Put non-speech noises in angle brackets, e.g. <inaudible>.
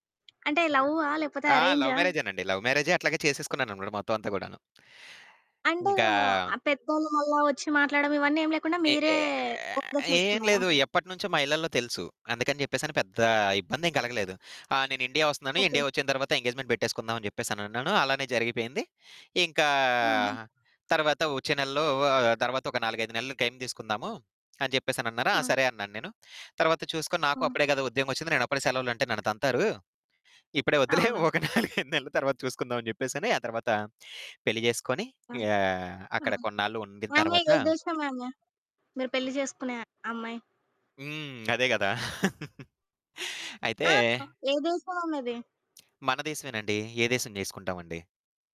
అంటే లవ్వా? లేపోతే ఆ! లవ్ అరేంజా? మ్యారేజేనండి. లవ్ మ్యారేజే అట్లాగ చేసేసుకున్నానన్నమాట మొత్తం అంతా కూడాను. అంటే ఇంకా ఆహ్, పెద్దోళ్ళు మళ్ళా వచ్చి మాట్లాడడం ఇవన్నీ ఏం లేకుండా ఏ మీరే మ్యారేజ్ ఏం చేసుకున్నారా? లేదు. ఎప్పటినుంచో మా ఇళ్లల్లో తెలుసు. అందుకని చెప్పేసని పెద్ద ఇబ్బందేం కలగలేదు. ఆ! నేను ఇండియా వస్తన్నాను. ఓకే. ఇండియా వచ్చిన తరువాత ఎంగేజ్‌మెంట్ పెట్టేసుకుందాం అని చెప్పేసనన్నాను. అలానే జరిగిపోయింది. ఇంకా ఆహా! తరువాత వచ్చే నెలలో ఆహ్, తరువాత ఒక 4, 5 నెలలు టైం తీసుకుందాము అని చెప్పేసనన్నారు. ఆ! హ్మ్. సరే అన్నాను నేను. తరువాత చూసుకొని, నాకు హ్మ్. అప్పుడే కదా ఉద్యోగమొచ్చింది, నేను అప్పుడే సెలవులంటే నన్ను తంతారు. ఇప్పుడే వద్దులే. అవును. ఒక 4, 5 నెల్ల తరువాత చూసుకుందామని చెప్పేసని, ఆ తరువాత పెళ్లి చేసుకొని హ్మ్. ఆహ్, అక్కడ హ్మ్. కొన్నాళ్ళు ఉండిన ఆమె తరువాత ఏ దేశం ఆమె? మీరు పెళ్లి చేసుకునే అమ్మాయి? హ్మ్. అదే కదా! <laughs> అయితే ఆ! ఏ దేశం ఆమెది? మన దేశమేనండి. ఏ దేశం చేసుకుంటామండి?